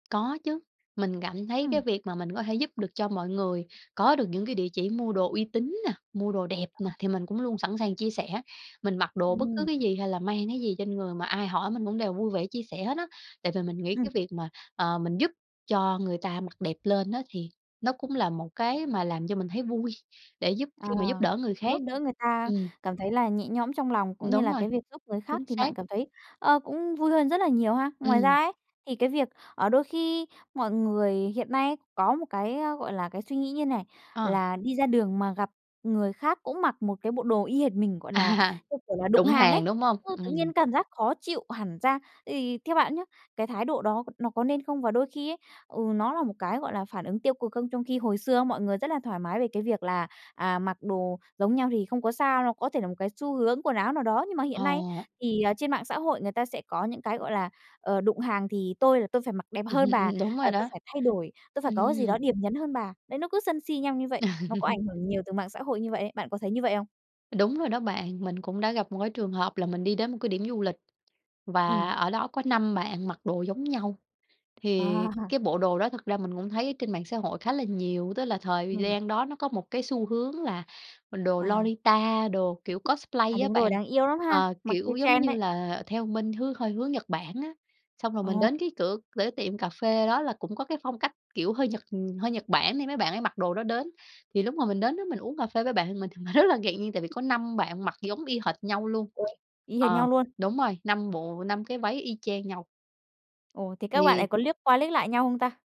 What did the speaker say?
Có chứ, mình cảm thấy cái Ừm. việc mà mình có thể giúp được cho mọi người, có được những cái địa chỉ mua đồ uy tín nè, mua đồ đẹp nè [unintelligible] thì mình cũng luôn sẵn sàng chia sẻ. Mình mặc đồ bất cứ Ừm. cái gì, hay là mang cái gì trên người mà ai hỏi mình cũng đều vui vẻ chia sẻ hết á. Tại vì mình nghĩ Ừm. cái việc mà, ờ, mình giúp cho người ta mặc đẹp lên á, thì nó cũng là một cái mà làm cho mình thấy vui, để giúp Ờ, khi mà giúp đỡ người giúp khác. đỡ người ta Ừm. cảm thấy là nhẹ nhõm trong lòng, Ừm, cũng như đúng là rồi. cái việc giúp người khác Chính thì bạn xác. cảm thấy, ờ, cũng vui hơn rất là nhiều ha. Ngoài ra Ừm. ấy, thì cái việc, ờ, đôi khi mọi người hiện nay ấy có một cái, a, gọi là, cái suy nghĩ như này, Ờ. là đi ra đường mà gặp người khác cũng mặc một cái bộ đồ y hệt mình, gọi là, À, như kiểu là, đụng đụng hàng ấy. hàng, đúng hông? Ừ, tự Ừm. nhiên cảm giác khó chịu hẳn ra, thì theo bạn nhá, cái thái độ đó n nó có nên không? Và đôi khi ấy, ừ, nó là một cái, gọi là, phản ứng tiêu cực không? Trong khi hồi xưa ấy mọi người rất là thoải mái về cái việc là, à, mặc đồ giống nhau thì không có sao đâu, có thể là một cái xu hướng quần áo nào đó, nhưng mà hiện nay, Ờ. thì, à, trên mạng xã hội người ta sẽ có những cái, gọi là, ờ, đụng hàng thì tôi là tôi phải mặc đẹp Ừm hơn hưm, bà, ừm, đúng rồi à, tôi đó. phải thay đổi, tôi phải có cái gì đó Ừm. điểm nhấn hơn bà. Đấy, nó cứ sân si nhau như vậy, nó có ảnh hưởng nhiều từ mạng xã hội như vậy ấy, bạn có thấy như vậy không? Đúng rồi đó bạn, mình cũng đã gặp một cái trường hợp là mình đi đến một cái điểm du lịch, và Ừm. ở đó có 5 bạn mặc đồ giống nhau. Thì À. cái bộ đồ đó thực ra mình cũng thấy ở trên mạng xã hội khá là nhiều, tức là thời gi Ừm. gian đó nó có một cái xu hướng là, ừm, đồ À. Lolita, đồ kiểu À, cosplay á đúng rồi, bạn, đáng yêu lắm ha, ờ, mặc theo kiểu giống trend như đấy. là, theo bên hướng hơi hướng Nhật Bản á. Xong rồi mình Ồ. đến cái cửa cửa tiệm cà phê đó là cũng có cái phong cách, kiểu, hơi Nhật, ừm, hơi Nhật Bản thì mấy bạn ấy mặc đồ đó đến, thì lúc mà mình đến đó mình uống cà phê với bạn mình thì mình rất là ngạc nhiên, tại vì có 5 bạn mặc giống y hệt nhau luôn. Uầy, y hệt Ờ, nhau luôn? đúng rồi, 5 bộ, 5 cái váy y chang nhau. Ồ, thế các bạn ấy Thì có liếc qua liếc lại nhau không ta?